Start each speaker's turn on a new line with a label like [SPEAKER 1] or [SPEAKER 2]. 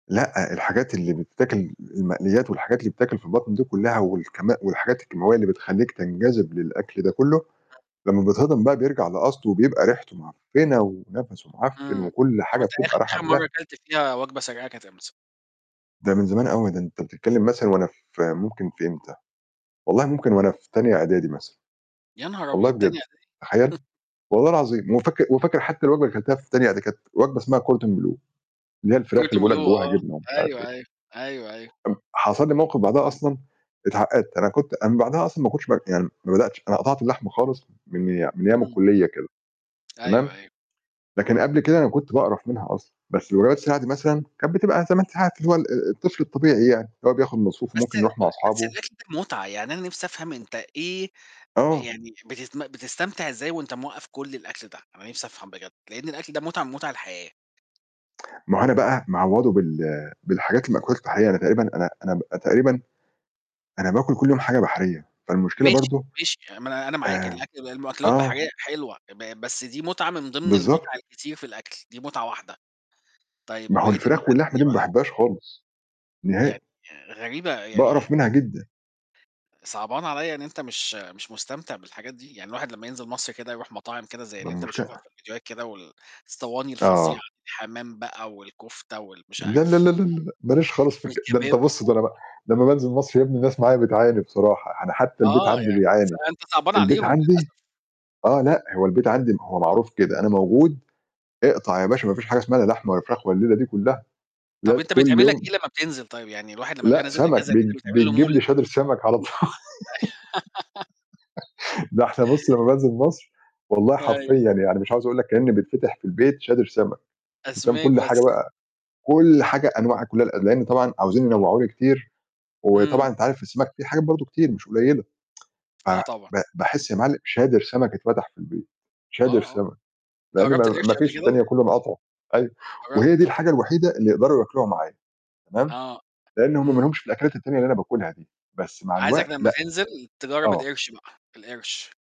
[SPEAKER 1] لأ، الحاجات اللي بتتاكل المقليّات والحاجات اللي بتتاكل في البطن دي كلّها والكم والحاجات الكيماوية اللي بتخلّيك تنجذِب للأكل ده كلّه، لمّا بيتهضم بقى بيرجع لأصله وبيبقى ريحته معفنّة ونَفَسه معفّن
[SPEAKER 2] إمم،
[SPEAKER 1] وكل
[SPEAKER 2] طَب
[SPEAKER 1] حاجة
[SPEAKER 2] وأنت آخ
[SPEAKER 1] بتبقى راحة في
[SPEAKER 2] آخِر
[SPEAKER 1] داه
[SPEAKER 2] مرّة كلت فيها وجبة سريعة كانت إمتى؟
[SPEAKER 1] ده من زمان أوي، ده أنت بتتكلّم مثلًا وأنا في ممكن في إمتى، والله ممكن وأنا في تانية إعدادي مثلًا،
[SPEAKER 2] يا نهار
[SPEAKER 1] والله
[SPEAKER 2] أبيض
[SPEAKER 1] بجد
[SPEAKER 2] تانية إعدادي!
[SPEAKER 1] تخيّل! والله العظيم وفاكر وفاكر حتى الوجبة اللي كلتها في تانية إعدادي كانت وجبة اسمها Cordon Bleu، اللي هي الفراخ اللي
[SPEAKER 2] Cordon
[SPEAKER 1] بيقول لك
[SPEAKER 2] Bleu
[SPEAKER 1] جوّاها
[SPEAKER 2] آه،
[SPEAKER 1] جبنه ومش عارف إيه.
[SPEAKER 2] أيوه، أيوه، أيوه، أيوه.
[SPEAKER 1] أم حصل لي موقِف بعدها أصلًا اتعقدت، أنا كنت أنا من بعدها أصلًا ما كنتش بر يعني ما بدأتش أنا قطعت اللحمة خالص من ي من أيام
[SPEAKER 2] إمم.
[SPEAKER 1] الكلّية كده تمام؟
[SPEAKER 2] أيوه، أيوه.
[SPEAKER 1] لكن قبل كده أنا كنت باقرف منها أصلًا، بس [unintelligible] مثلًا كانت بتبقى 8 ساعات اللي هو ال ال الطفل الطبيعي يعني اللي هو بياخُد مصروفه
[SPEAKER 2] بس
[SPEAKER 1] ممكن يروح
[SPEAKER 2] ب
[SPEAKER 1] مع
[SPEAKER 2] بس
[SPEAKER 1] أصحابه
[SPEAKER 2] الأكل ده مُتعة، يعني أنا نِفْسي أفهم أنت إيه ب
[SPEAKER 1] آه.
[SPEAKER 2] يعني بتتم بتستمتع إزاي وأنت موقّف كل الأكل ده، أنا نِفْسي أفهم بجد؟ لإن الأكل ده مُتعة من مُتع الحياة.
[SPEAKER 1] ما هو أنا بقى معوّضه بال بالحاجات المأكولات البحرية، أنا تقريبًا أنا أنا ب أنا تقريبًا أنا باكُل كل يوم حاجة بحرية، فالمشكلة
[SPEAKER 2] ماشي،
[SPEAKER 1] برضه
[SPEAKER 2] ماشي، آآ ما أنا أنا معاك
[SPEAKER 1] آمم
[SPEAKER 2] الأكل ده المأكلات
[SPEAKER 1] آه.
[SPEAKER 2] بحرية حلوة ب بس دي مُتعة من ضِمن المُتعة
[SPEAKER 1] بالضبط.
[SPEAKER 2] الكتير في الأكل دي مُتعة واحدة. طيب
[SPEAKER 1] ما هو
[SPEAKER 2] وبقيت
[SPEAKER 1] الفراخ
[SPEAKER 2] المُتع
[SPEAKER 1] واللحمة
[SPEAKER 2] التانية
[SPEAKER 1] دي ما
[SPEAKER 2] بقى؟
[SPEAKER 1] باحباش خالص،
[SPEAKER 2] يعني
[SPEAKER 1] نهائي.
[SPEAKER 2] غريبة يعني
[SPEAKER 1] باقرف منها جدًا.
[SPEAKER 2] صعبان عليّا إن أنت مش مش مستمتع بالحاجات دي، يعني الواحد لمّا ينزل مصر كده يروح مطاعم كده زي
[SPEAKER 1] ما
[SPEAKER 2] اللي أنت بتشوفها
[SPEAKER 1] المشكلة
[SPEAKER 2] في الفيديوهات كده، وال صواني الفظيعة،
[SPEAKER 1] آه.
[SPEAKER 2] حمام بقى والكفتة وال مش
[SPEAKER 1] لا، لا، لا،
[SPEAKER 2] عارف
[SPEAKER 1] لا، لا، لأ، ما ليش
[SPEAKER 2] إيه
[SPEAKER 1] خالص في الك ده أنت
[SPEAKER 2] والكباب
[SPEAKER 1] بُص
[SPEAKER 2] و
[SPEAKER 1] ده أنا بقى لمّا بانزِل مصر يا ابني الناس معايا بتعاني بصراحة، يعني حتى البيت
[SPEAKER 2] آه،
[SPEAKER 1] عندي
[SPEAKER 2] يعني ص
[SPEAKER 1] بيعاني،
[SPEAKER 2] أنت صعبان
[SPEAKER 1] البيت
[SPEAKER 2] عليهم
[SPEAKER 1] عندي
[SPEAKER 2] للأسف.
[SPEAKER 1] آه، لأ هو البيت عندي ما هو معروف كده أنا موجود اقطع يا باشا ما فيش حاجة اسمها لا لحمة ولا فراخ والليلة دي كلّها،
[SPEAKER 2] طَب
[SPEAKER 1] لاز
[SPEAKER 2] أنت
[SPEAKER 1] كل
[SPEAKER 2] بيتعمل لك
[SPEAKER 1] يوم
[SPEAKER 2] إيه لمّا بتنزِل طيب؟ يعني الواحد لمّا بيبقى
[SPEAKER 1] لأ،
[SPEAKER 2] نازِل
[SPEAKER 1] سمك
[SPEAKER 2] إجازه كده
[SPEAKER 1] بت
[SPEAKER 2] بيتعمل له
[SPEAKER 1] بتجيب
[SPEAKER 2] مولِد.
[SPEAKER 1] لي شادر سمك على طو ده إحنا بُص لمّا بانزِل مصر والله
[SPEAKER 2] أيوه.
[SPEAKER 1] حرفيًا يعني مش عاوز أقول لك كإن بتفتح في البيت شادر سمك، أنت فاهم،
[SPEAKER 2] أسماك
[SPEAKER 1] كل حاجة
[SPEAKER 2] بس.
[SPEAKER 1] بقى كل حاجة أنواع كلّها ال لإن طبعًا عاوزين ينوّعوا لي كتير،
[SPEAKER 2] إمم.
[SPEAKER 1] وطبعًا أنت عارف السمك في حاجات برضه كتير مش قليلة. ف
[SPEAKER 2] آه طبعًا.
[SPEAKER 1] ب باحس يا معل شادر سمك اتفتح في البيت، شادر
[SPEAKER 2] آه، آه.
[SPEAKER 1] سمك، لإن
[SPEAKER 2] جرّبت
[SPEAKER 1] ما ما
[SPEAKER 2] القِرش قبل
[SPEAKER 1] فيش
[SPEAKER 2] كده؟
[SPEAKER 1] التانية كلّه مقاطعه، أيوه،
[SPEAKER 2] جر
[SPEAKER 1] وهي دي
[SPEAKER 2] دي
[SPEAKER 1] الحاجة الوحيدة اللي يقدروا ياكلوها معايا تمام؟
[SPEAKER 2] آه،
[SPEAKER 1] لإن هم ما
[SPEAKER 2] إمم.
[SPEAKER 1] لهومش في الأكلات التانية اللي أنا باكُلها دي، بس مع
[SPEAKER 2] عايزك
[SPEAKER 1] الوقت
[SPEAKER 2] لمّا
[SPEAKER 1] لأ.
[SPEAKER 2] تنزِل تجرّب
[SPEAKER 1] آه.
[SPEAKER 2] القِرش بقى، القِرش.